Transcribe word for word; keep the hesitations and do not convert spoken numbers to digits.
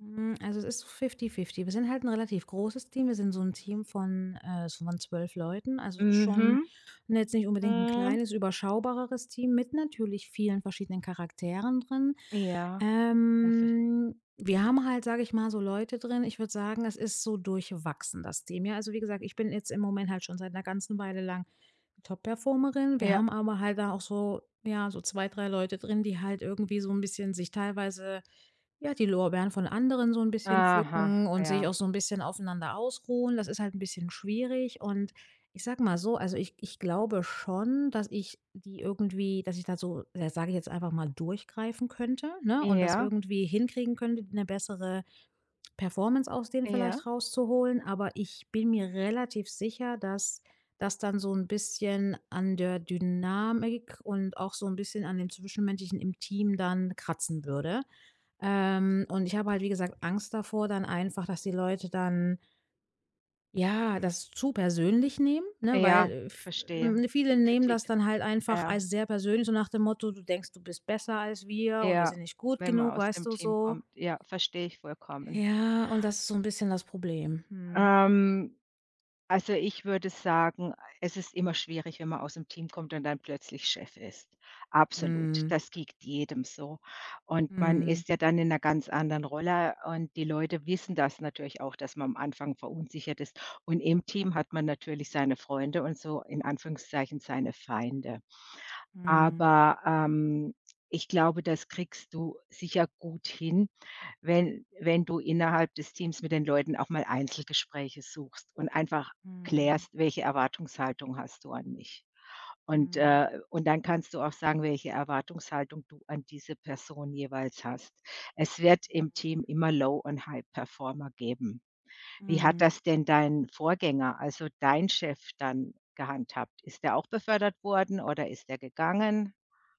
Hm, also es ist fifty fifty. Wir sind halt 'n relativ großes Team. Wir sind so 'n Team von äh, so, von zwölf Leuten. Also, ist schon Mhm, jetzt nicht unbedingt 'n mhm. kleines, überschaubareres Team mit natürlich vielen verschiedenen Charakteren drin. Ja. Ja, ver Ähm, wir haben halt, sage ich mal, so Leute drin ich würde sagen, es ist so durchwachsen, das Team. Ja, also wie gesagt, ich bin jetzt im Moment halt schon seit 'ner ganzen Weile lang Top-Performerin. Wir Ja. haben aber halt da auch so, ja, so zwei, drei Leute drin, die halt irgendwie so 'n bisschen sich teilweise, ja, die Lorbeeren von anderen so 'n bisschen Aha, pflücken und sich ja. auch so 'n bisschen aufeinander ausruhen. Das ist halt 'n bisschen schwierig. Und, ich sage mal so, also, ich ich glaube schon, dass ich die irgendwie dass ich da so, äh, sage ich jetzt einfach mal, durchgreifen könnte, ne? Und das Ja. irgendwie hinkriegen könnte, 'ne bessere Performance aus denen Ja. vielleicht rauszuholen. Aber ich bin mir relativ sicher, dass dass dann so 'n bisschen an der Dynamik und auch so 'n bisschen an dem Zwischenmenschlichen im Team dann kratzen würde. Ähm, und ich habe halt, wie gesagt, Angst davor dann einfach, dass die Leute dann ja, das zu persönlich nehmen, ne? Ja, Weil äh, v verstehe. äh, viele Die nehmen das Kritik. dann halt einfach Ja. alles sehr persönlich, so nach dem Motto: „Du denkst, du bist besser als wir und wir Ja, sind nicht gut wenn man genug.“ aus Weißt dem du? Team So kommt. Ja, verstehe ich vollkommen. Ja, und das ist so 'n bisschen das Problem. Mhm. Ähm, also, ich würde sagen, es ist immer schwierig, wenn man aus dem Team kommt und dann plötzlich Chef ist. Absolut. Mhm. Das geht jedem so. Und man Mhm. ist ja dann in 'ner ganz anderen Rolle und die Leute wissen das natürlich auch, dass man am Anfang verunsichert ist. Und im Team hat man natürlich seine Freunde und so, in Anführungszeichen, seine Feinde. Mhm. Aber, ähm, ich glaube, das kriegst du sicher gut hin, wenn wenn du innerhalb des Teams mit den Leuten auch mal Einzelgespräche suchst und einfach Mhm. klärst, welche Erwartungshaltung hast du an mich. Und, Mhm. äh und dann kannst du auch sagen, welche Erwartungshaltung du an diese Person jeweils hast. Es wird im Team immer Low und High-Performer geben. Wie hat Mhm. das denn dein Vorgänger, also, dein Chef dann gehandhabt? Ist der auch befördert worden oder ist der gegangen?